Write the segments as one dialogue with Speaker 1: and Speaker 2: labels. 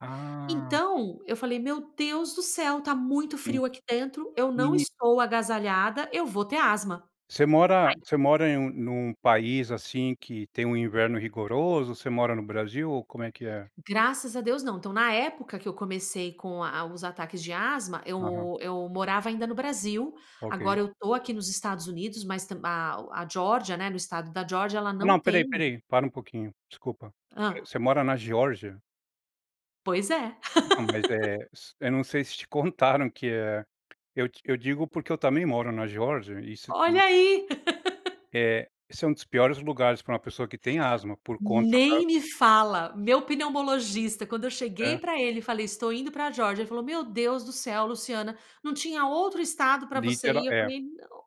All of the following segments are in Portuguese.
Speaker 1: Ah.
Speaker 2: Então, eu falei: "Meu Deus do céu, tá muito
Speaker 1: Sim.
Speaker 2: frio aqui dentro, eu não
Speaker 1: E
Speaker 2: estou agasalhada, eu vou ter asma".
Speaker 1: Você mora
Speaker 2: Aí
Speaker 1: você mora em um num país, assim, que tem um inverno rigoroso? Você mora no Brasil ou como é que é?
Speaker 2: Graças a Deus, não. Então, na época que eu comecei com a os ataques de asma
Speaker 1: Aham.
Speaker 2: eu eu morava ainda no Brasil.
Speaker 1: OK.
Speaker 2: Agora, eu tô aqui nos Estados Unidos, mas tam a a Geórgia, né no estado da Geórgia ela
Speaker 1: Não,
Speaker 2: não
Speaker 1: espera aí,
Speaker 2: tem
Speaker 1: espera aí, para um pouquinho, desculpa. Você
Speaker 2: Hã.
Speaker 1: você mora na Geórgia?
Speaker 2: Pois é.
Speaker 1: Então, mas é s eu não sei se te contaram que, eh, eu d eu digo, porque eu também moro na Geórgia, e isso aqui
Speaker 2: Olha aí!
Speaker 1: É. Esse é um dos piores lugares pra uma pessoa que tem asma por conta da
Speaker 2: Nem me fala! Meu pneumologista quando eu cheguei
Speaker 1: É.
Speaker 2: pra ele e falei: "Estou indo pra Geórgia", ele falou: "Meu Deus do céu, Luciana, não tinha outro estado pra você
Speaker 1: Literal
Speaker 2: ir?" eu
Speaker 1: é.
Speaker 2: falei: "Não".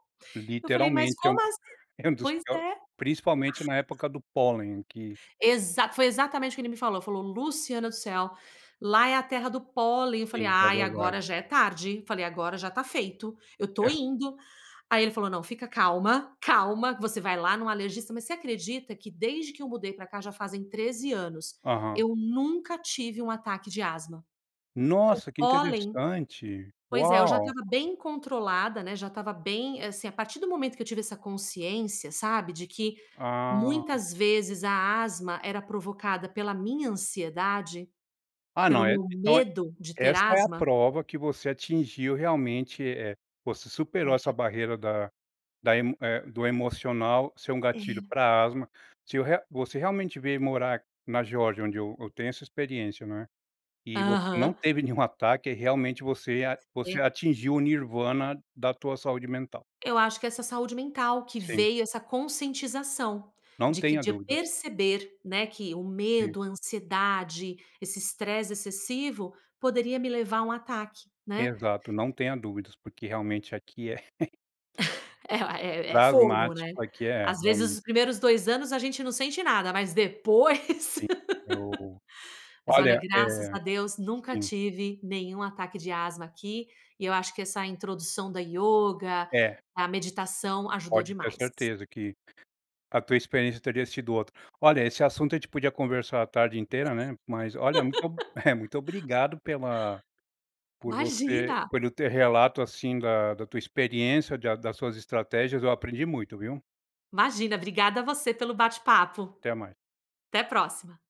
Speaker 2: Eu falei: "Mas,
Speaker 1: Literalmente, é
Speaker 2: como
Speaker 1: um
Speaker 2: assim?"
Speaker 1: é um dos
Speaker 2: Pois
Speaker 1: pior
Speaker 2: é.
Speaker 1: principalmente na época do pólen, que
Speaker 2: Exato, foi exatamente o ele me falou. Falou: "Luciana do céu. Lá é a terra do pólen". Eu falei:
Speaker 1: Sim, é
Speaker 2: "Ai,
Speaker 1: verdade.
Speaker 2: agora já é tarde". Eu falei: "Agora já tá feito, eu tô
Speaker 1: É.
Speaker 2: indo". Aí ele falou: "Não, fica calma. Calma que você vai lá num alergista", mas você acredita que desde que eu mudei pra cá já fazem 13 anos,
Speaker 1: Aham.
Speaker 2: eu nunca tive um ataque de asma? O
Speaker 1: Nossa! Que
Speaker 2: pólen
Speaker 1: interessante.
Speaker 2: pois é, eu já
Speaker 1: Uau!
Speaker 2: estava bem controlada, né, já estava bem assim, a partir do momento que eu tive essa consciência, sabe, de que
Speaker 1: Ah.
Speaker 2: muitas vezes a asma era provocada pela minha ansiedade,
Speaker 1: Ah, não,
Speaker 2: pelo
Speaker 1: eh e
Speaker 2: meu
Speaker 1: então é
Speaker 2: medo de ter
Speaker 1: essa é a
Speaker 2: asma
Speaker 1: prova que você atingiu realmente, eh, você superou
Speaker 2: É.
Speaker 1: essa barreira da da emo eh, do emocional ser um gatilho
Speaker 2: É.
Speaker 1: pra asma. Se eu re você realmente veio morar na Geórgia, onde eu eu tenho essa experiência, né, e vo não
Speaker 2: Aham.
Speaker 1: teve nenhum ataque, realmente você a você
Speaker 2: E
Speaker 1: atingiu o nirvana da tua saúde mental.
Speaker 2: Eu acho que é essa saúde mental, que
Speaker 1: Sim.
Speaker 2: veio essa conscientização,
Speaker 1: Não
Speaker 2: de que
Speaker 1: tenha
Speaker 2: de eu
Speaker 1: dúvidas.
Speaker 2: perceber, né, que o
Speaker 1: Sim.
Speaker 2: medo, a ansiedade, esse estresse excessivo, poderia me levar a um ataque, né?
Speaker 1: Exato, não tenha dúvidas, porque realmente aqui é
Speaker 2: É o ah, é é
Speaker 1: pra
Speaker 2: fogo, né?
Speaker 1: asmático aqui é,
Speaker 2: Às vezes
Speaker 1: realmente.
Speaker 2: os primeiros 2 anos a gente não sente nada, mas depois.
Speaker 1: Sim. Eu
Speaker 2: Mas, olha,
Speaker 1: olha,
Speaker 2: graças
Speaker 1: eh
Speaker 2: a Deus nunca
Speaker 1: sim.
Speaker 2: tive nenhum ataque de asma aqui, e eu acho que essa introdução da ioga,
Speaker 1: É.
Speaker 2: a meditação, ajudou
Speaker 1: Pode ter
Speaker 2: demais.
Speaker 1: certeza que a tua experiência teria sido outra. Olha, esse assunto a gente podia conversar a tarde inteira, né, mas, olha, muito muito obrigado pela por você
Speaker 2: Imagina.
Speaker 1: pelo teu relato, assim, da da tua experiência, de a das suas estratégias, eu aprendi muito, viu.
Speaker 2: Imagina, obrigada você pelo bate-papo.
Speaker 1: Até mais.
Speaker 2: Até a próxima.